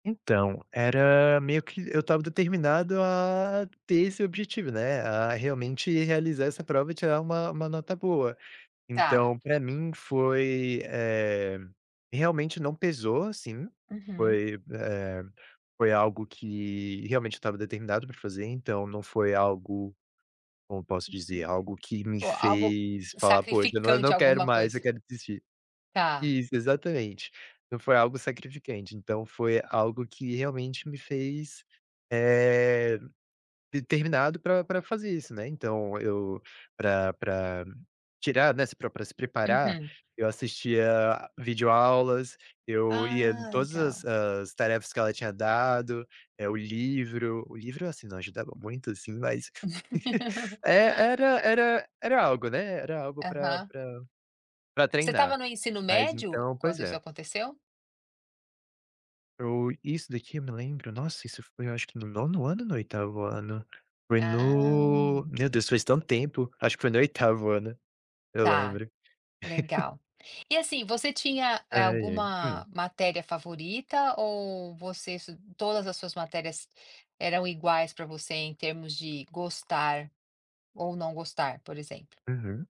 Então, era meio que eu estava determinado a ter esse objetivo, né, a realmente realizar essa prova e tirar uma uma nota boa. Tá. Então para mim foi eh, realmente não pesou, assim, Uhum. foi, eh, foi algo que realmente eu estava determinado para fazer, então não foi algo como posso dizer, algo que [unintelligible] me O algo fez falar: "Poxa, eu não e eu não sacrificante, quero alguma mais, eu coisa. quero desistir". Tá. Isso, exatamente. Então foi algo sacrificante, então foi algo que realmente me fez, eh, determinado para para fazer isso, né. Então eu para para tirar, né, se pre para para se preparar, Uhum. eu assistia video aulas, eu ia em Ah, todas as legal. as tarefas que ela tinha dado, eh, o livro o livro, assim, não ajudava muito, assim, mas É, era era era algo, né, era algo para Aham. para para Você estava treinar. no ensino Mas, médio, então pois quando isso é. aconteceu? O isso daqui eu me lembro, nossa, isso foi eu acho que no 9º ano ou no 8º ano, foi no Ah. meu Deus, faz tanto tempo, acho que foi no 8º ano, eu Tá, lembro. legal. E, assim, você tinha, eh, Ai, ai, alguma hum. matéria favorita ou você es todas as suas matérias eram iguais para você em termos de gostar ou não gostar, por exemplo? Uhum.